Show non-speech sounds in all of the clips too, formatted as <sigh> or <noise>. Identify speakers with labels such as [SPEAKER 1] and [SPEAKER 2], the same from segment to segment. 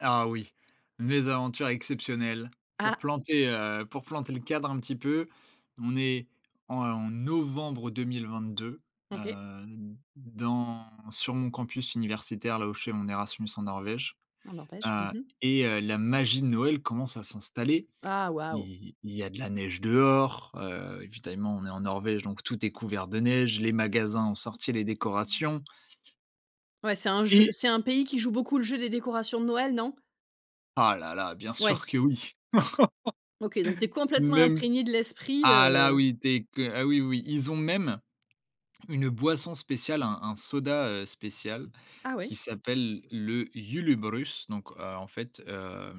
[SPEAKER 1] Ah oui, mes aventures exceptionnelles. Pour
[SPEAKER 2] Ah.
[SPEAKER 1] planter, heu, pour planter le cadre un petit peu, on est en novembre 2022,
[SPEAKER 2] OK.
[SPEAKER 1] heu, dans sur mon campus universitaire, là où je fais mon Erasmus en Norvège.
[SPEAKER 2] Mmh n'empêche,
[SPEAKER 1] Heu
[SPEAKER 2] mmh mh.
[SPEAKER 1] et heu, la magie de Noël commence à s'installer.
[SPEAKER 2] Ah,
[SPEAKER 1] Il
[SPEAKER 2] waouh!
[SPEAKER 1] y il y a de la neige dehors, heu, évidemment on est en Norvège donc tout est couvert de neige, les magasins ont sorti les décorations
[SPEAKER 2] Ouais c'est un je
[SPEAKER 1] et
[SPEAKER 2] c'est un pays qui joue beaucoup le jeu des décorations de Noël non?
[SPEAKER 1] Ah là là, bien
[SPEAKER 2] Ouais.
[SPEAKER 1] sûr que oui. <laughs>
[SPEAKER 2] OK, donc t'es complètement
[SPEAKER 1] Même
[SPEAKER 2] imprégné de l'esprit,
[SPEAKER 1] ah là
[SPEAKER 2] heu
[SPEAKER 1] oui, dès que ah oui oui, ils ont même une boisson spéciale, un un soda, heu, spécial
[SPEAKER 2] Ah
[SPEAKER 1] qui
[SPEAKER 2] ouais.
[SPEAKER 1] s'appelle le Julebrus, donc, heu, en fait, heu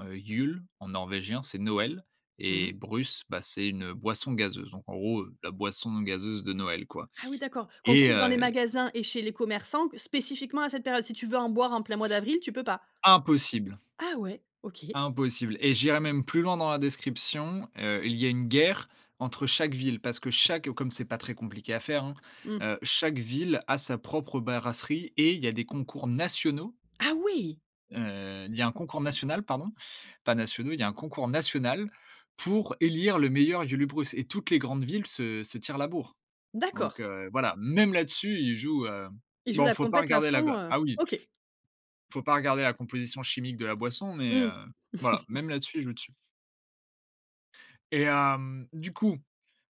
[SPEAKER 1] heu, Jul en norvégien c'est Noël
[SPEAKER 2] Mmh
[SPEAKER 1] et
[SPEAKER 2] mh.
[SPEAKER 1] brus, bah, c'est une boisson gazeuse, donc en gros, heu, la boisson gazeuse de Noël quoi
[SPEAKER 2] Ah oui d'accord, qu'on
[SPEAKER 1] et
[SPEAKER 2] trouve dans les
[SPEAKER 1] heu
[SPEAKER 2] magasins et chez les commerçants qu spécifiquement à cette période, si tu veux en boire en plein mois
[SPEAKER 1] S
[SPEAKER 2] d'avril, tu peux pas?
[SPEAKER 1] Impossible!
[SPEAKER 2] Ah ouais, OK.
[SPEAKER 1] impossible et j'irai même plus loin dans la description, heu, il y a une guerre entre chaque ville. Parce que chaque comme c'est pas très compliqué à faire, hein,
[SPEAKER 2] Mmh.
[SPEAKER 1] heu, chaque ville a sa propre brasserie et il y a des concours nationaux
[SPEAKER 2] Ah oui!
[SPEAKER 1] heu, il y a un concours national, pardon, pas nationaux, il y un concours national pour élire le meilleur Julebrus et toutes les grandes villes se se tirent la bourre.
[SPEAKER 2] D'accord.
[SPEAKER 1] Donc, heu, voilà. Même là-dessus, ils jouent, heu
[SPEAKER 2] Ils jouent
[SPEAKER 1] bon, il
[SPEAKER 2] la
[SPEAKER 1] faut pas
[SPEAKER 2] compétition à
[SPEAKER 1] regarder la
[SPEAKER 2] fond,
[SPEAKER 1] ga
[SPEAKER 2] heu,
[SPEAKER 1] ah oui,
[SPEAKER 2] OK.
[SPEAKER 1] faut pas regarder la composition chimique de la boisson, mais,
[SPEAKER 2] Mmh.
[SPEAKER 1] heu, voilà,
[SPEAKER 2] <chuckles>
[SPEAKER 1] même là-dessus, ils jouent dessus et hem, du coup,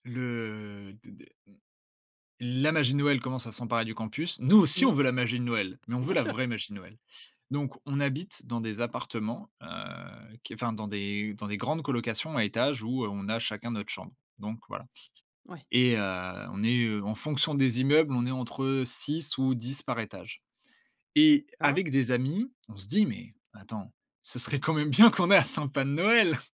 [SPEAKER 1] le, heu, d d la magie de Noël commence à s'emparer du campus. Nous aussi, on
[SPEAKER 2] Mmh.
[SPEAKER 1] veut la magie de Noël, mais on veut
[SPEAKER 2] Bien
[SPEAKER 1] la
[SPEAKER 2] sûr.
[SPEAKER 1] vraie magie de Noël. Donc, on habite dans des appartements, heu, qui enfin dans des dans des grandes colocations à étages où on a chacun notre chambre. Donc voilà
[SPEAKER 2] Ouais.
[SPEAKER 1] et heu, on est en fonction des immeubles, on est entre 6 ou 10 par étage et
[SPEAKER 2] D'accord.
[SPEAKER 1] avec des amis, on se dit: «Mais attends, ce serait quand même bien qu'on ait un sapin de noël!».